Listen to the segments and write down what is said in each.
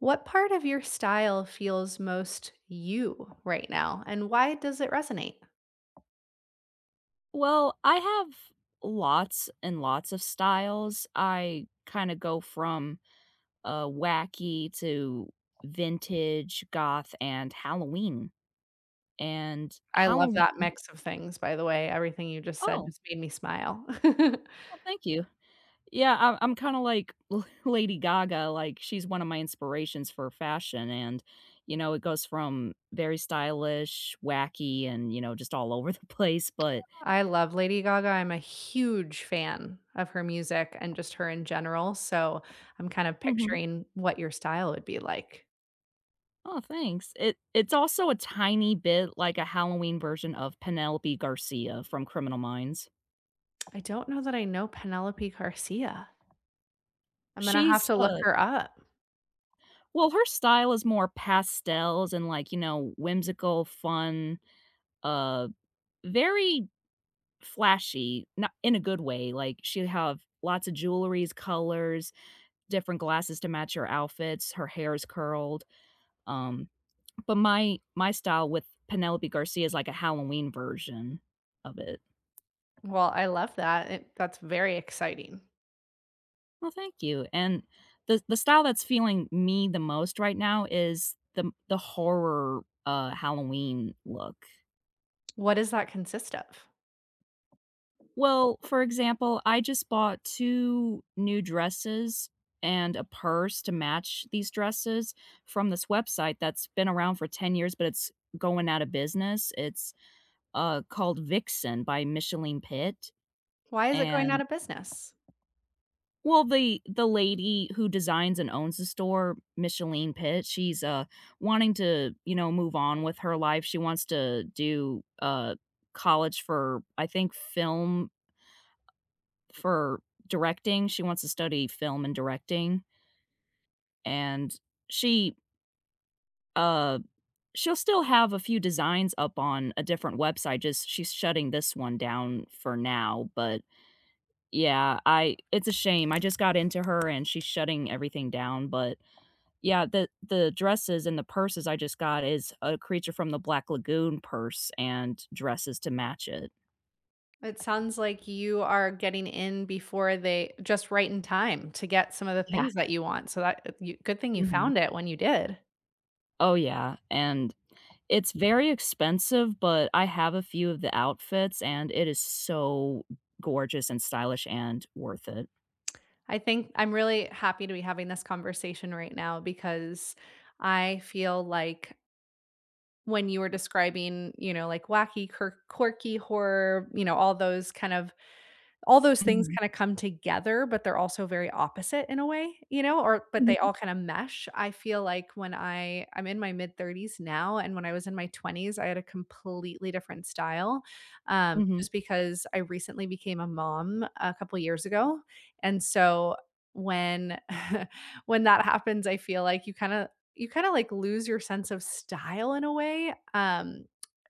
What part of your style feels most you right now, and why does it resonate? Well, I have lots and lots of styles. I kinda go from, uh, wacky to vintage, goth, and Halloween. And I love Halloween that mix of things, by the way, everything you just said Oh. just made me smile. Oh, thank you. Yeah, I'm I'm kinda like, La Lady Gaga, like, she's one of my inspirations for fashion and, you know, it goes from very stylish, wacky, and, you know, just all over the place, but I love Lady Gaga, I'm a huge fan of her music and just her in general, so, I'm kind of Mhm. picturing what your style would be like. Aw thanks. It it's also a tiny bit like a Halloween version of Penelope Garcia from Criminal Minds. I don't know that I know Penelope Garcia. Imma have She's to look a her up. Well, her style is more pastels, and, like, you know, wh whimsical, fun, uh, very flashy, no in a good way, like, she'd have lots of jewelries, colors, different glasses to match her outfits, her hair is curled. Um, but my my style with Penelope Garcia is like a Halloween version of it. Well, I love that. It that's very exciting. Well, thank you. And the the style that's feeling me the most right now is the the horror, uh, Halloween look. What does that consist of? Well, for example, I just bought 2 new dresses and a purse to match these dresses from this website that's been around for 10 years, but it's going out of business. It's, uh, called Vixen by Micheline Pitt, Why is it going out and of business? Well, the the lady who designs and owns the store, Micheline Pitt, she's, uh, wanting to, you know, move on with her life, she wants to do, uh, college for, I think, film for directing. She wants to study film and directing and she uh, she'll still have a few designs up on a different website, just she's shutting this one down for now. But yeah, I it's a shame. I just got into her, and she's shutting everything down. But yeah, the the dresses and the purses I just got is a creature from the Black Lagoon purse and dresses to match it. It sounds like you are getting in before they just right in time to get some of the Yeah. things that you want, so that, you good thing you Mhm. found it when you did. Oh, yeah, and it's very expensive, but I have a few of the outfits, and it is so gorgeous and stylish and worth it. I think I'm really happy to be having this conversation right now, because I feel like When you were describing, you know, like wacky, kirk quirky, horror, you know, all those kind of All those things Mhm. kinda come together, but they're also very opposite in a way, you know, or but they Mhm. all kinda mesh, I feel like when I I'm in my mid 30s now, and when I was in my 20s, I had a completely different style, um, Mhm. just because I recently became a mom a couple years ago, and so when when that happens, I feel like you kinda you kinda, like, lose your sense of style in a way, um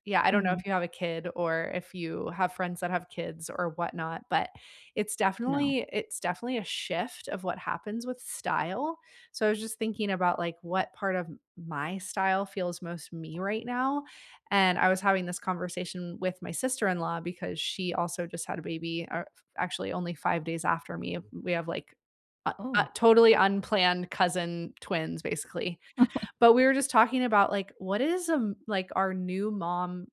yeah, I don't know if Mhm. you have a kid or if you have friends that have kids or whatnot, but it's No. definitely it's definitely a shift of what happens with style, so I was just thinking about, like, what part of my style feels most me right now, and I was having this conversation with my sister-in-law, because she also just had a baby, uh, f actually only 5 days after me. We have, like, uh, a Oh. totally unplanned cousin twins, basically. But we were just talking about, like, what is, um, like, our new mom,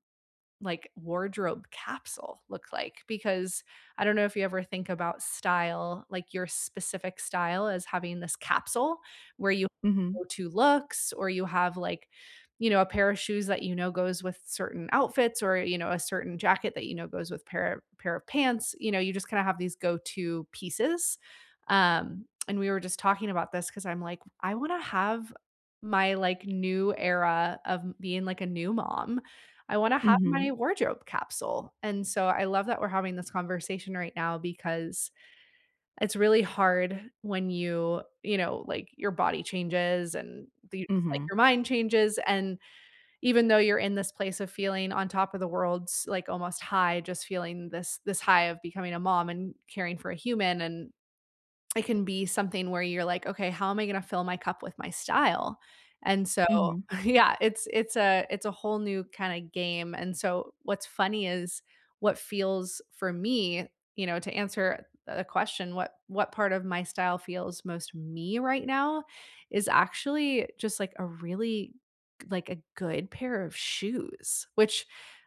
like, wardrobe capsule look like, because I don't know if you ever think about style, like your specific style as having this capsule where you Mhm. go-to looks, or you have, like, you know, a pair of shoes that you know goes with certain outfits or, you know, a certain jacket that you know goes with pair of pair of pants, you know, you just kinda have these go-to pieces, um, and we were just talking about this 'cause I'm like, "I wanna have my, like, new era of being, like, a new mom, I wanna have my Mhm. wardrobe capsule," and so I love that we're having this conversation right now, because it's really hard when you, you know, like, your body changes and you, just, like, Mhm. your mind changes, and even though you're in this place of feeling on top of the world, s like almost high, just feeling this this high of becoming a mom and caring for a human, and it can be something where you're like, "Okay, how am I gonna fill my cup with my style," and so, Mhm. yeah, it's it's a it's a whole new kinda game, and so what's funny is what feels for me, you know, to answer the question, what what part of my style feels most me right now, is actually just, like, a really, like, a good pair of shoes, which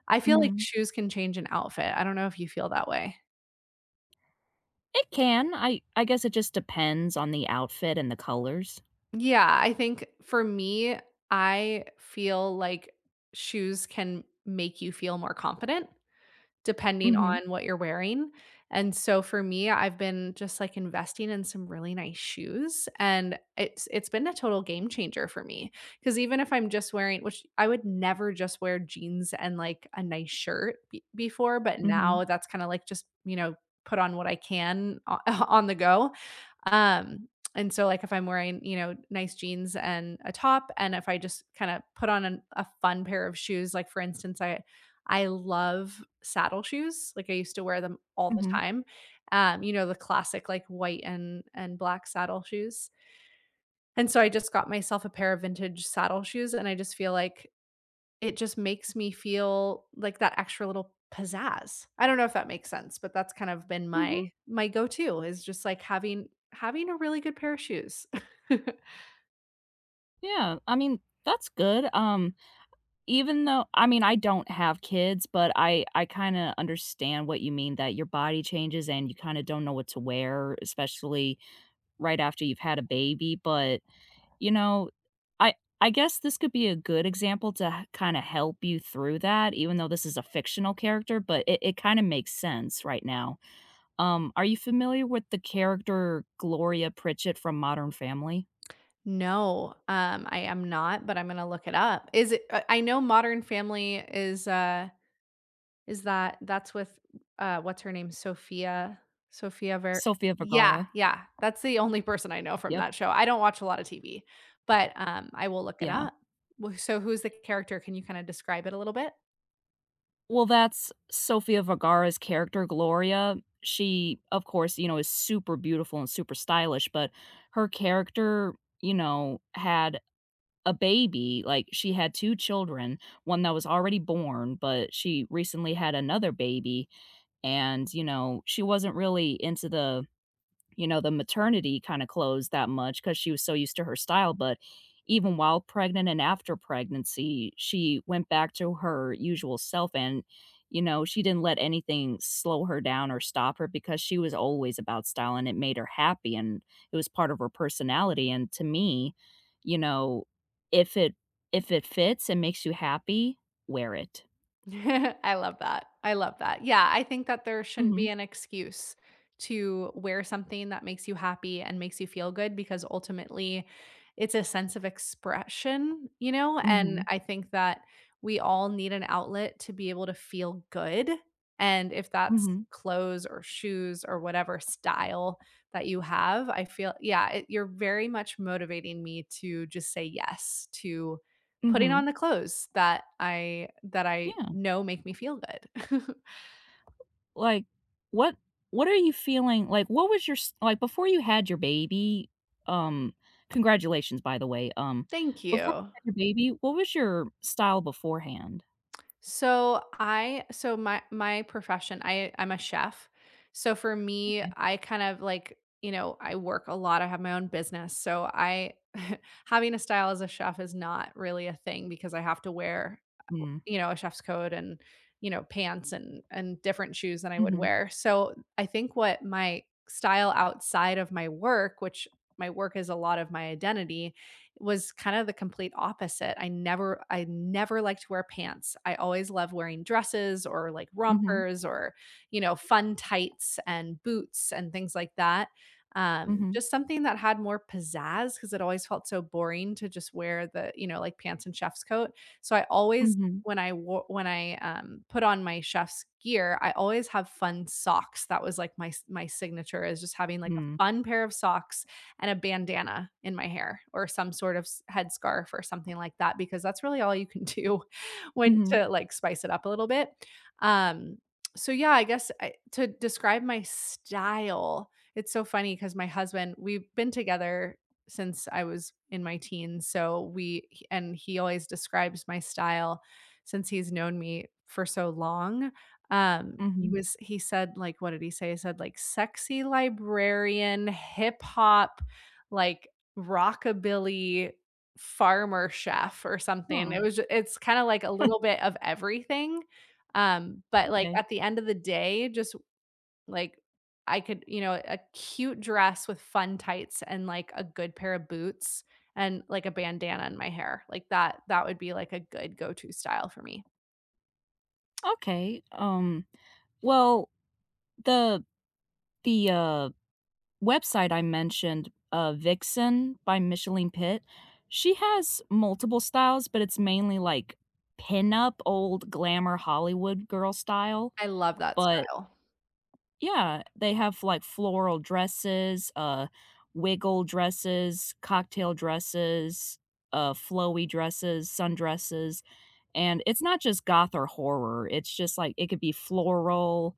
I feel like Mhm. shoes can change an outfit, I don't know if you feel that way. It can, I I guess it just depends on the outfit and the colors. Yeah, I think for me, I feel like shoes can make you feel more confident depending Mhm. on what you're wearing, and so for me, I've been just, like, investing in some really nice shoes, and it's it's been a total game changer for me 'cause even if I'm just wearing which I would never just wear jeans and, like, a nice shirt b before, but Mhm. now that's kinda, like, just, you know, put on what I can o on the go, um, and so, like, if I'm wearing, you know, nice jeans and a top, and if I just kinda put on an a fun pair of shoes, like for instance, I I love saddle shoes, like, I used to wear them all the Mhm. time, um, you know, the classic, like, white and and black saddle shoes. And so, I just got myself a pair of vintage saddle shoes, and I just feel like, it just makes me feel like that extra little pizzazz. I don't know if that makes sense, but that's kind of been Mhm. my my go-to is just like having having a really good pair of shoes. Yeah, I mean, that's good. Um, even though, I mean, I don't have kids, but I I kinda understand what you mean that your body changes and you kinda don't know what to wear, especially right after you've had a baby. But, you know, I I guess this could be a good example to h kinda help you through that, even though this is a fictional character, but it it kinda makes sense right now. Um, are you familiar with the character Gloria Pritchett from Modern Family? No, um, I am not, but I'm gonna look it up. Is it, uh I know Modern Family is a is that that's with, uh, what's her name? Sofia, Sofia Ver Sofia yeah, Vergara. yeah. That's the only person I know from Yep. that show. I don't watch a lot of TV. But, um, I will look it Yeah. up. W so who's the character? Can you kinda describe it a little bit? Well, that's Sofia Vergara's character, Gloria. She, of course, you know, is super beautiful and super stylish, but her character, you know, had a baby. Like, she had 2 children, 1 that was already born, but she recently had another baby, and, you know, she wasn't really into the, you know, the maternity kinda clothes that much 'cause she was so used to her style. But even while pregnant and after pregnancy, she went back to her usual self and, you know, she didn't let anything slow her down or stop her because she was always about style, and it made her happy, and it was part of her personality. And to me, you know, if it if it fits and makes you happy, wear it. I love that, I love that. Yeah, I think that there shouldn't be Mhm. an excuse to wear something that makes you happy and makes you feel good because ultimately it's a sense of expression, you know? And Mhm. I think that we all need an outlet to be able to feel good, and if that's Mhm. clothes or shoes or whatever style that you have, I feel yeah, it you're very much motivating me to just say yes to putting on Mhm. the clothes that I that I Yeah. know make me feel good. Like, what what are you feeling like, what was your s like, before you had your baby, um congratulations, by the way. Um, Thank before you you. had your baby, what was your style beforehand? So I so my my profession, I I'm a chef. So for me, Okay. I kind of like you know, I work a lot. I have my own business, so I, having a style as a chef is not really a thing because I have to wear, Mhm. you know, a chef's coat and, you know, pants and and different shoes than I would Mhm. wear. So I think what my style outside of my work, which my work is a lot of my identity, was kind of the complete opposite. I never I never liked to wear pants. I always loved wearing dresses or, like, Mhm. rompers or, you know, fun tights and boots and things like that. Um, Mhm. just something that had more pizzazz 'cause it always felt so boring to just wear the, you know, like, pants and chef's coat. So I always, Mhm. when I wo when I, um, put on my chef's gear, I always have fun socks. That was like my s my signature is just having like a Hmm. fun pair of socks and a bandana in my hair or some sort of s headscarf or something like that because that's really all you can do when Mhm. to, like, spice it up a little bit. Um, so yeah, I guess I to describe my style, it's so funny 'cause my husband, we've been together since I was in my teens, so we, h and he always describes my style since he's known me for so long. Um, he Mhm. was he said like, what did he say? He said like sexy librarian, hip-hop, like, rockabilly farmer chef or something. Huh. It was j it's kinda like a little bit of everything. Um, but, like, Okay. at the end of the day, just, like, I could, you know a cute dress with fun tights and, like, a good pair of boots and, like, a bandana in my hair. Like that that would be like a good go-to style for me. Okay. Um, well, the the, uh, website I mentioned, uh, Vixen by Micheline Pitt, she has multiple styles, but it's mainly, like, pin-up, old glamour Hollywood girl style, I love that but style. Yeah. They have, like, floral dresses, uh, wiggle dresses, cocktail dresses, uh, flowy dresses, sundresses. And it's not just goth or horror, it's just, like it could be floral,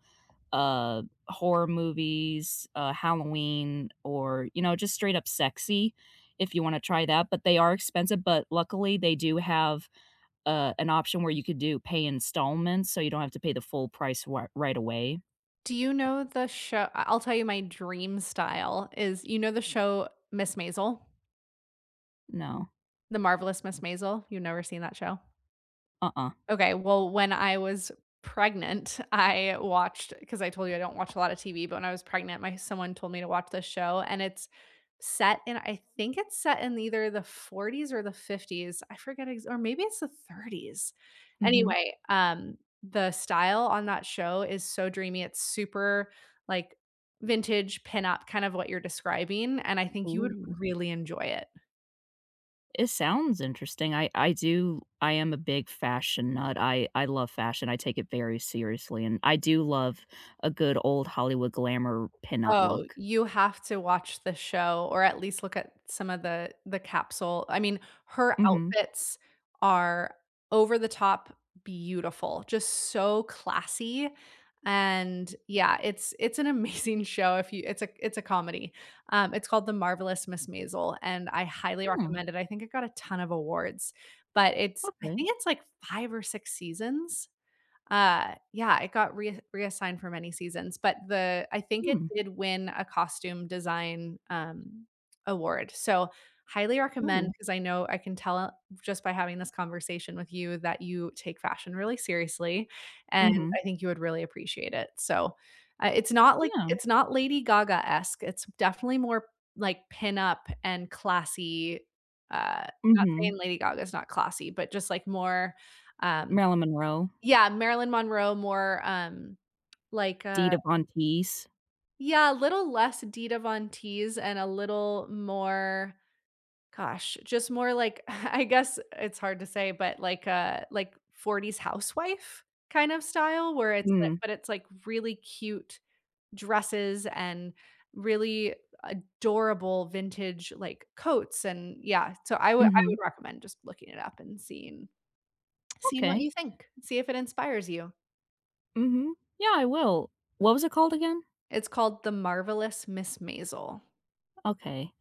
uh, horror movies, uh, Halloween, or, you know, just straight up sexy, if you wanna try that, but they are expensive, but luckily, they do have, uh, an option where you could do pay installments, so, you don't have to pay the full price r right away Do you know the sho I I'll tell you my dream style is, you know the show "Miss Maisel"? No. "The Marvelous Mrs. Maisel"? You've never seen that show? Uh-uh. Okay, well, when I was pregnant, I watched 'cause I told you, I don't watch a lot of TV, but when I was pregnant, my someone told me to watch this show, and it's set in I think it's set in either the 40s or the 50s. I forget ex or maybe it's the 30s. Mhm. Anyway, um, the style on that show is so dreamy, it's super, like, vintage pin-up, kind of what you're describing, and I think you would Ooh. really enjoy it. It sounds interesting. I I do I am a big fashion nut, I I love fashion, I take it very seriously, and I do love a good old Hollywood glamour pin-up Oh, look. you have to watch the show, or at least look at some of the the capsule. I mean, her Mhm. outfits are over-the-top beautiful, just so classy. And, yeah, it's it's an amazing show if you it's a it's a comedy. Um, it's called "The Marvelous Miss Maisel," and I highly Hmm. recommend it, I think it got a ton of awards. But it's I Okay. think it's, like, 5 or 6 seasons. Uh, yeah, it got re reassigned for many seasons, but the I think it Hmm. did win a costume design, um, award, so, highly recommend, Ooh. 'cause I know I can tell, just by having this conversation with you, that you take fashion really seriously, and Mhm. I think you would really appreciate it. So, uh, it's not, like Yeah. It's not Lady Gaga-esque, it's m definitely more, like, pin-up and classy. Uh not Mhm. saying Lady Gaga's not classy, but just, like, more, um Marilyn Monroe. yeah, Marilyn Monroe more, um, like, uh Dita Von Teese. Yeah, a little less Dita Von Teese and a little more gosh, just more like, I guess it's hard to say, but like a like, '40s housewife kind of style where it's li Hmm. but it's, like, really cute dresses and really adorable vintage, like, coats, and yeah so, I would I Mhm. would recommend just looking it up and seeing, seeing what Okay. you think. See if it inspires you. Mhm. Yeah, I will. What was it called again? It's called The Marvelous Miss Maisel. Okay.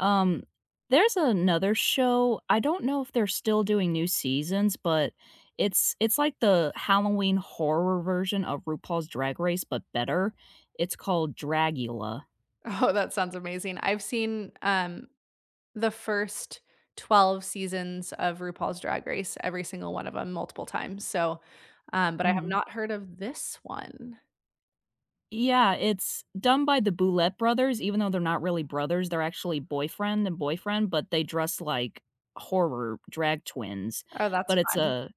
Um, there's another show. I don't know if they're still doing new seasons, but it's it's like the Halloween horror version of RuPaul's Drag Race, but better. It's called Dragula. Oh, that sounds amazing I've seen, um, the first 12 seasons of RuPaul's Drag Race, every single one of 'em multiple times, so, um, but I have Mhm. not heard of this one. Yeah, it's done by the Boulet Brothers, even though they're not really brothers they're actually boyfriend and boyfriend, but they dress like horror drag twins. Oh, But that's it's fun. a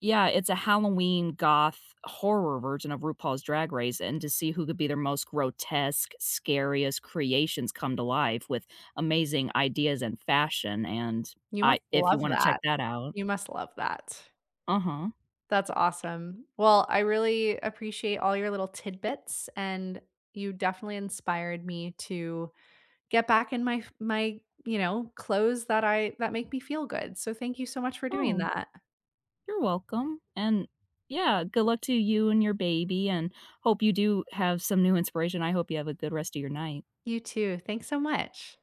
Yeah, it's a Halloween, goth horror version of RuPaul's Drag Race and to see who could be their most grotesque, scariest creations come to life with amazing ideas and fashion, and You I must if you love wanna check that. that out. You must love that. Uh-huh. That's awesome. Well, I really appreciate all your little tidbits, and you definitely inspired me to get back in my f my, you know, clothes that I that make me feel good, so, thank you so much for doing Oh, that. you're welcome, and yeah, good luck to you and your baby, and hope you do have some new inspiration, I hope you have a good rest of your night You too. Thanks so much.